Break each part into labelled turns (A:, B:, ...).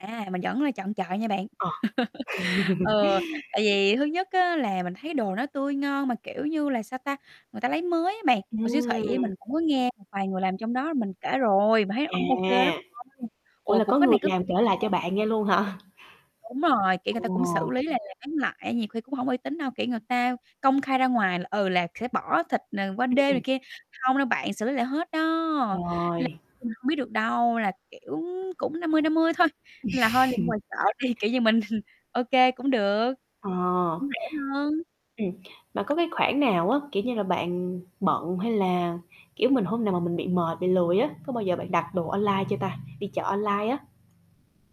A: À, mình vẫn là chọn chợ nha bạn.
B: Ờ.
A: Ờ, tại vì thứ nhất á là mình thấy đồ nó tươi ngon, mà, kiểu như là, sao ta, người ta lấy mới á bạn, mà siêu thị
B: Ừm.
A: mình cũng có nghe một vài người làm trong đó, mình kể rồi mà thấy hông ô kê lắm
B: À!
A: đâu,
B: Ủa
A: ồ,
B: là
A: cũng
B: có
A: có
B: người
A: này có
B: làm
A: kia
B: kể lại
A: nha.
B: cho bạn nghe luôn hả?
A: Đúng rồi, kiểu người
B: Ồ!
A: ta cũng xử lý là làm bán lại, nhiều khi cũng hông có uy tín đâu, kiểu, người ta công khai ra ngoài là, ừ, là sẽ bỏ thịt, ờ, qua
B: Ừm,
A: đêm
B: ừm.
A: này kia, hông đâu bạn, xử lý lại hết đó, nên là
B: Trời.
A: mình hông biết được đâu, là, kiểu, cũng 50:50 thôi, nên là hôi đi mua ngoài chợ đi, kiểu như, mình ô kê, cũng được,
B: Ờ.
A: cũng rẻ hơn.
B: Ừm, mà có cái khoảng nào á, kiểu như là, bạn bận, hay là, kiểu, mình hôm nào mà mình bị mệt, bị lười á, có bao giờ bạn đặt đồ online chưa ta? Đi chợ online á.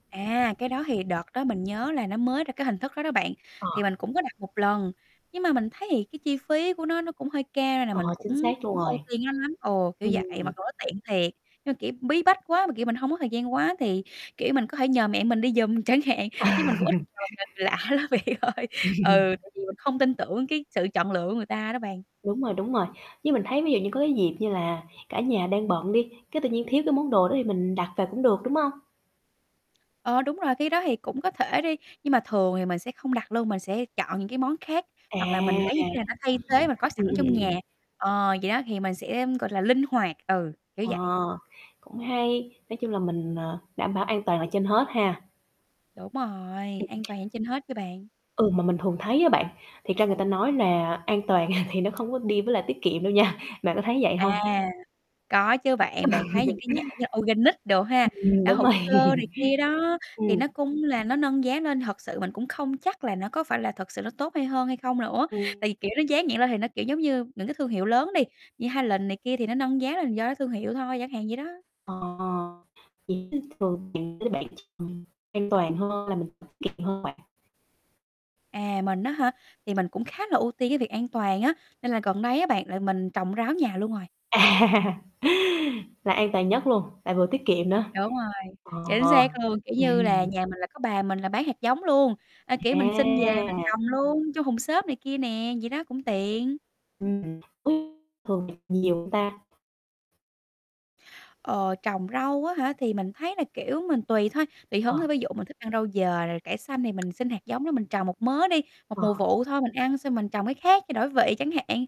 A: À, cái đó thì đợt đó mình nhớ là nó mới ra cái hình thức đó đó bạn, thì
B: Ờ.
A: mình cũng có đặt một lần. Nhưng mà mình thấy thì cái chi phí của nó, nó cũng hơi cao nên là
B: Ờ,
A: mình cũng
B: chính xác luôn
A: hổng
B: rồi.
A: ưu tiên nó lắm ồ, kiểu vậy,
B: Ừm.
A: mặc dù nó tiện thiệt. Nhưng mà, kiểu, bí bách quá, mà, kiểu, mình hông có thời gian quá thì, kiểu, mình có thể nhờ mẹ mình đi giùm chẳng hạn, chứ mình cũng ít nhờ người lạ lắm bạn ơi.
B: Ừm.
A: Ừ, tại vì mình không tin tưởng cái sự chọn lựa của người ta đó bạn.
B: Đúng rồi, đúng rồi. Như mình thấy ví dụ như có cái dịp như là cả nhà đang bận đi, cái tự nhiên thiếu cái món đồ đó, thì mình đặt về cũng được, đúng hông?
A: Ờ, đúng rồi, khi đó thì cũng có thể đi. Nhưng mà thường thì mình sẽ không đặt luôn, mình sẽ chọn những cái món khác,
B: À!
A: hoặc là mình lấy những cái mà nó thay thế mình có sẵn
B: Ừm, ừm,
A: trong
B: ừm,
A: nhà.
B: ừm.
A: Ờ, vậy đó thì mình sẽ, ưm, gọi là linh hoạt, ừ, kiểu
B: Ờ,
A: vậy.
B: cũng hay, nói chung là mình, ờ, đảm bảo an toàn ở trên hết ha.
A: Đúng rồi,
B: Ừm.
A: an toàn trên hết chứ bạn.
B: Ừm, mà mình thường thấy á bạn, thiệt ra người ta nói là an toàn thì nó không có đi với lại tiết kiệm đâu nha, bạn có thấy vậy hông?
A: À, có chứ
B: Ừ.
A: bạn, bạn thấy những cái nhãn như là organic đồ ha?
B: Ừm,
A: Đã
B: đúng rồi.
A: hữu cơ này kia đó, thì
B: Ừm.
A: nó cũng là nó nâng giá nên thật sự mình cũng không chắc là nó có phải là thật sự nó tốt hay hơn, hay không nữa.
B: Ừm.
A: Tại vì, kiểu, nó dán nhãn lên thì nó, kiểu, giống như những cái thương hiệu lớn đi, như Highlands này kia thì nó nâng giá lên là do cái thương hiệu thôi, chẳng hạn vậy đó.
B: Ờ, [unintelligible] an toàn hơn là mình tiết kiệm hơn bạn.
A: À, mình á hả? Thì mình cũng khá là ưu tiên cái việc an toàn á, nên là gần đây á bạn là mình trồng rau ở nhà luôn rồi.
B: À, là an toàn nhất luôn, lại vừa tiết kiệm nữa,
A: Đúng rồi, chạy trên
B: ờ,
A: xe thường, kiểu như là,
B: ừm.
A: nhà mình là có bà mình là bán hạt giống luôn, à, kiểu, mình xin về mình
B: À!
A: trồng luôn, trong thùng xốp này kia nè, vậy đó, cũng tiện.
B: [unintelligible] Thường nhiều hông ta?
A: Ờ, trồng rau á hả? Thì mình thấy là, kiểu, mình tùy thôi, tùy
B: Ờ.
A: hứng thôi, ví dụ mình thích ăn rau dền rồi cải xanh, thì mình xin hạt giống đó mình trồng một mớ đi, một
B: Ờ.
A: mùa vụ thôi mình ăn, xong mình trồng cái khác cho đổi vị chẳng hạn.